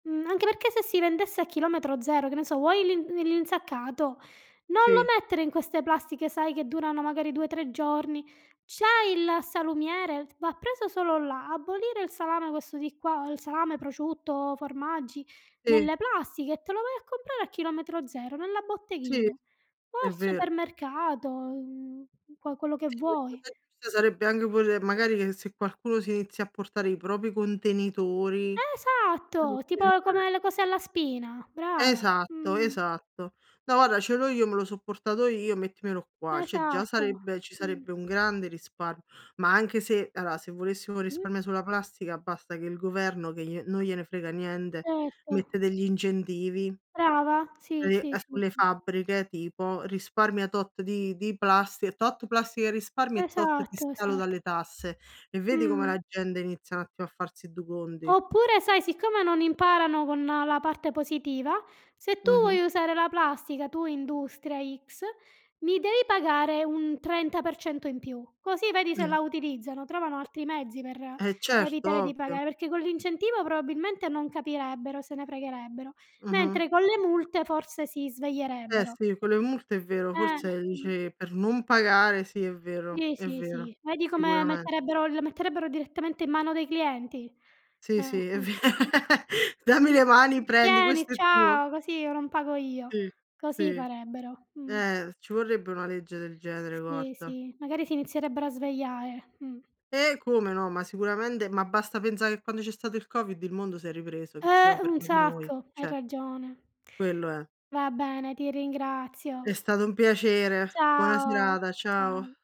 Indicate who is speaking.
Speaker 1: Mhmm, anche perché, se si vendesse a Chilometro Zero, che ne so, vuoi l'in li l'insaccato, non lo
Speaker 2: Sì.
Speaker 1: mettere in queste plastiche, sai, che durano, magari, 2, 3 giorni. C'hai il salumiere? Va preso solo là. Abolire il salame questo di qua, o il salame, prosciutto, formaggi,
Speaker 2: Sì.
Speaker 1: nelle plastiche e te lo vai a comprare a Chilometro Zero, nella
Speaker 2: Sì.
Speaker 1: botteghina o
Speaker 2: È
Speaker 1: al
Speaker 2: vero.
Speaker 1: supermercato, mhmm, qua quello che vuoi.
Speaker 2: [unintelligible] sarebbe anche pure, magari che se qualcuno si inizia a portare i propri contenitori
Speaker 1: Esatto. Tipo, come le
Speaker 2: [unintelligible]
Speaker 1: cose alla spina. Brava.
Speaker 2: Esatto,
Speaker 1: Mh.
Speaker 2: esatto. "No, guarda, ce l'ho io. Me l'ho so' portato io. Mettimelo qua." Cioè già
Speaker 1: Esatto.
Speaker 2: sarebbe ci
Speaker 1: Mh.
Speaker 2: sarebbe un grande risparm ma anche se ala se volessimo un
Speaker 1: Mh.
Speaker 2: risparmio sulla plastica, basta che il governo, che glie non gliene frega niente,
Speaker 1: Certo.
Speaker 2: mette degli incentivi.
Speaker 1: Brava. Sì, sì,
Speaker 2: [unintelligible]
Speaker 1: sì,
Speaker 2: sulle
Speaker 1: sì.
Speaker 2: fabbriche, tipo, risparmia tot di di plastica tot plastica risparmi e tot ti
Speaker 1: Esatto,
Speaker 2: scalo dalle
Speaker 1: esatto.
Speaker 2: tasse. E vedi come
Speaker 1: Mh.
Speaker 2: la gente inizia n'attimo a farsi du conti.
Speaker 1: Oppure, sai, siccome non imparano con la parte positiva, se tu
Speaker 2: Mh-mh.
Speaker 1: vuoi usare la plastica, tu industria x, mi devi pagare un 30% in più, così vedi se la utilizzano. Trovano altri mezzi, per
Speaker 2: Eh, certo,
Speaker 1: evitare di
Speaker 2: ovvio.
Speaker 1: pagar perché con l'incentivo, probabilmente, non capirebbero, se ne fregherebbero,
Speaker 2: Mh-mh.
Speaker 1: mentre con le multe, forse, si
Speaker 2: Eh
Speaker 1: sveglierebbero.
Speaker 2: sì, con le multe, è vero,
Speaker 1: Eh,
Speaker 2: forse, ehm,
Speaker 1: mh.
Speaker 2: dici per non pagare sì, è vero,
Speaker 1: Sì,
Speaker 2: è
Speaker 1: sì,
Speaker 2: vero,
Speaker 1: sì. Vedi come
Speaker 2: sicuramen
Speaker 1: metterebbero le metterebbero direttamente in mano dei clienti.
Speaker 2: Sì,
Speaker 1: Ehm,
Speaker 2: sì, è ve "Dammi
Speaker 1: eh, mh.
Speaker 2: le mani. Prendi.
Speaker 1: Tieni,
Speaker 2: Questo è tuo."
Speaker 1: ciao, così io non pago io.
Speaker 2: Sì.
Speaker 1: Così
Speaker 2: Sì.
Speaker 1: farebbero, mh.
Speaker 2: Eh, s ci vorrebbe una legge del genere,
Speaker 1: Sì,
Speaker 2: guarda.
Speaker 1: sì, magari si inizierebbero a svegliare, mhmm.
Speaker 2: Eh, come no, ma sicuramente. Ma basta pensare che quando c'è stato il COVID, il mondo s'è ripreso, che ci
Speaker 1: Eh,
Speaker 2: siamo
Speaker 1: un
Speaker 2: fermati noi,
Speaker 1: sacco. Hai
Speaker 2: cioè
Speaker 1: ragione.
Speaker 2: quello è.
Speaker 1: Va bene, ti
Speaker 2: È
Speaker 1: ringrazio.
Speaker 2: stato un piacere. Buona
Speaker 1: Ciao,
Speaker 2: serata. Ciao.
Speaker 1: ciao.